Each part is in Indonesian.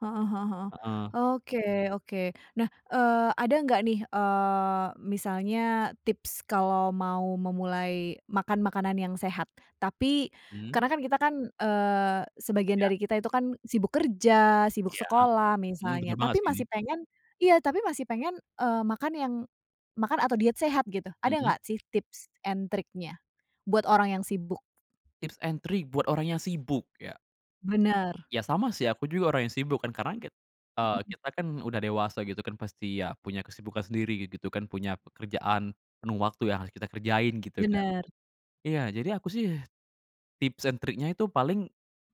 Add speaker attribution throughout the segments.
Speaker 1: Heeh heeh heeh.
Speaker 2: Heeh.
Speaker 1: Oke, oke. Nah, eee, ada enggak nih eee, misalnya tips kalau mau memulai makan, makanan yang sehat? Tapi,
Speaker 2: Mmm.
Speaker 1: karena kan kita kan eee, sebagian
Speaker 2: Ya.
Speaker 1: dari kita itu kan sibuk kerja, sibuk
Speaker 2: Ya,
Speaker 1: sekolah
Speaker 2: mhm,
Speaker 1: misalnya,
Speaker 2: bener banget
Speaker 1: tapi
Speaker 2: sih.
Speaker 1: masih pengen iya tapi masih pengen eee, makan yang makan atau diet sehat gitu. Ada
Speaker 2: Heeh.
Speaker 1: enggak sih tips and triknya? Buat orang yang sibuk.
Speaker 2: Tips and trik buat orang yang sibuk ya?
Speaker 1: Bener.
Speaker 2: Ya sama sih aku juga orang yang sibuk kan karena kit eee,
Speaker 1: Heeh.
Speaker 2: kita kan udah dewasa gitu kan, pasti ya punya kesibukan sendiri gitu gitu kan, punya pekerjaan penuh waktu yang harus kita kerjain, gitu kan.
Speaker 1: Bener.
Speaker 2: Iya jadi aku sih, tips and triknya itu paling,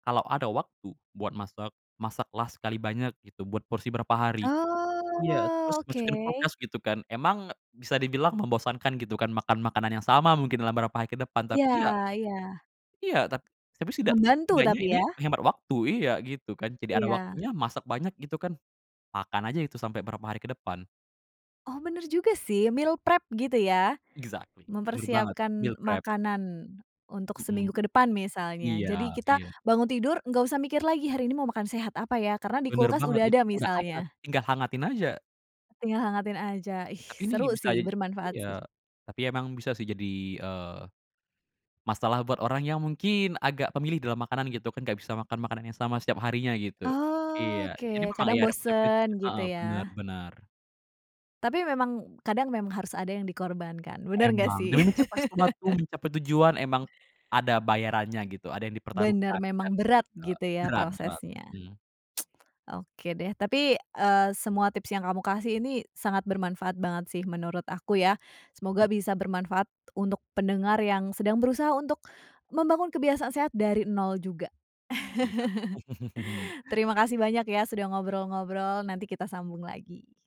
Speaker 2: kalau ada waktu buat masak, masak lah sekali banyak gitu, buat porsi berapa hari. Iya terus
Speaker 1: Oh,
Speaker 2: masukin kulkas
Speaker 1: oke.
Speaker 2: gitu kan, emang bisa dibilang membosankan gitu kan makan makanan yang sama mungkin dalam berapa hari ke depan.
Speaker 1: Iya,
Speaker 2: Tapi ya
Speaker 1: iya.
Speaker 2: Iya ta tapi setidak
Speaker 1: Membantu
Speaker 2: setidaknya
Speaker 1: tapi
Speaker 2: ini
Speaker 1: ya.
Speaker 2: menghemat waktu, iya gitu kan. Jadi ada
Speaker 1: Iya.
Speaker 2: waktunya, masak banyak gitu kan, makan aja itu sampe berapa hari ke depan.
Speaker 1: Oh bener juga sih, meal prep gitu ya,
Speaker 2: Exactly, bener banget, meal
Speaker 1: mempersiapkan
Speaker 2: prep.
Speaker 1: makanan untuk
Speaker 2: Heeh.
Speaker 1: seminggu ke depan misalnya,
Speaker 2: Iya
Speaker 1: jadi kita
Speaker 2: iya.
Speaker 1: bangun tidur, enggak usah mikir lagi hari ini mau makan sehat apa ya karena di
Speaker 2: Bener
Speaker 1: kulkas
Speaker 2: banget
Speaker 1: udah
Speaker 2: itu
Speaker 1: ada
Speaker 2: udah ada,
Speaker 1: misalnya.
Speaker 2: tinggal hangatin aja.
Speaker 1: Tinggal hangatin aja, ih
Speaker 2: Tapi ini
Speaker 1: seru
Speaker 2: bisa
Speaker 1: sih, bermanfaat
Speaker 2: iya,
Speaker 1: sih.
Speaker 2: tapi emang bisa sih jadi eee, masalah buat orang yang mungkin agak pemilih dalam makanan gitu, kan enggak bisa makan makanan yang sama setiap harinya gitu, iya, jadi
Speaker 1: Oke,
Speaker 2: memang ya
Speaker 1: kadang
Speaker 2: ada
Speaker 1: bosen
Speaker 2: konsekuensinya,
Speaker 1: gitu
Speaker 2: heeh benar
Speaker 1: ya.
Speaker 2: benar.
Speaker 1: Tapi memang, kadang memang harus ada yang dikorbankan, bener enggak
Speaker 2: Emang,
Speaker 1: sih?
Speaker 2: demi mencapai sesuatu, mencapai tujuan, emang ada bayarannya gitu, ada yang
Speaker 1: Bener,
Speaker 2: dipertaruhkan, kan
Speaker 1: memang berat
Speaker 2: gitu.
Speaker 1: gitu ya
Speaker 2: Berat, berat,
Speaker 1: prosesnya.
Speaker 2: mhm.
Speaker 1: Oke deh, tapi eee, semua tips yang kamu kasih ini sangat bermanfaat banget sih menurut aku ya.
Speaker 2: Mm
Speaker 1: Semoga bisa bermanfaat untuk pendengar yang sedang berusaha untuk membangun kebiasaan sehat dari 0 juga.
Speaker 2: Iya.
Speaker 1: Terima kasih banyak ya sudah ngobrol-ngobrol, nanti kita sambung lagi.